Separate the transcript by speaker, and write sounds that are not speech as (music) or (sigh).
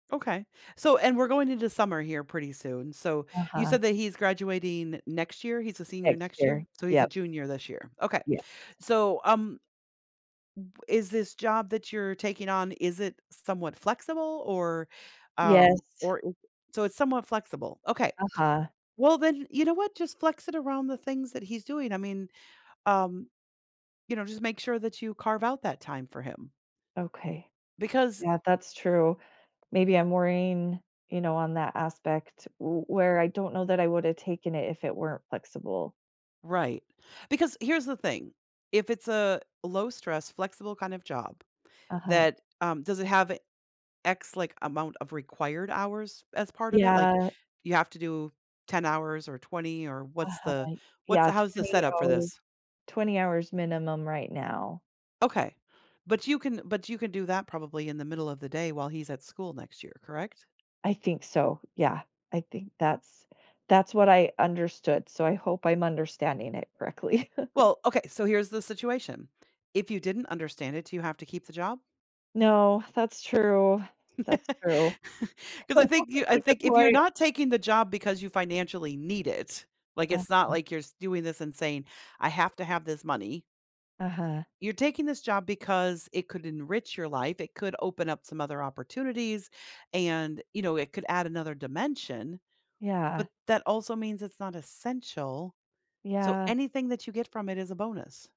Speaker 1: Okay. So and we're going into summer here pretty soon, so you
Speaker 2: Uh-huh.
Speaker 1: said that he's graduating next year he's a senior
Speaker 2: Next
Speaker 1: next
Speaker 2: year,
Speaker 1: year? So he's a
Speaker 2: yep.
Speaker 1: junior this year. Okay,
Speaker 2: Yes.
Speaker 1: so, um, w is this job that you're taking on, is it somewhat flexible? Or um,
Speaker 2: Yes.
Speaker 1: or so it's somewhat flexible. Okay.
Speaker 2: Uh-huh.
Speaker 1: Well, then, you know what? Just flex it around the things that he's doing. I mean, um you know, just make sure that you carve out that time for him.
Speaker 2: Okay.
Speaker 1: Because
Speaker 2: Yeah, that's true. Maybe I'm worrying, you know, on that aspect wh where I don't know that I woulda taken it if it weren't flexible.
Speaker 1: Right because here's the thing, if it's a low-stress, flexible kind of job
Speaker 2: Uh-huh
Speaker 1: that um, does it have X, like, amount of required hours as part of it? Like,
Speaker 2: Yeah.
Speaker 1: you have to do 10 hours or 20, or what's the
Speaker 2: Uh-huh,
Speaker 1: what's
Speaker 2: yeah,
Speaker 1: how's the
Speaker 2: 20
Speaker 1: setup for
Speaker 2: hours
Speaker 1: this?
Speaker 2: 20 hours minimum right now.
Speaker 1: Okay, but you can but you can do that probably in the middle of the day while he's at school next year, correct?
Speaker 2: I think so, yeah, I think that's that's what I understood, so I hope I'm understanding it correctly. (laughs)
Speaker 1: Well, okay, so here's the situation, if you didn't understand it, do you have to keep the job?
Speaker 2: No, that's true,
Speaker 1: (laughs)
Speaker 2: that's true.
Speaker 1: 'Cause I
Speaker 2: That's such
Speaker 1: think
Speaker 2: a
Speaker 1: you I
Speaker 2: really good
Speaker 1: think if you're
Speaker 2: point.
Speaker 1: not taking the job because you financially need it, like, it's not
Speaker 2: Uh-huh.
Speaker 1: like you're doing this and saying, "I have to have this money"
Speaker 2: Uh-huh.
Speaker 1: you're taking this job because it could enrich your life, it could open up some other opportunities, and, you know, it could add another dimension,
Speaker 2: Yeah.
Speaker 1: but that also means it's not essential, so
Speaker 2: Yeah.
Speaker 1: anything that you get from it is a bonus.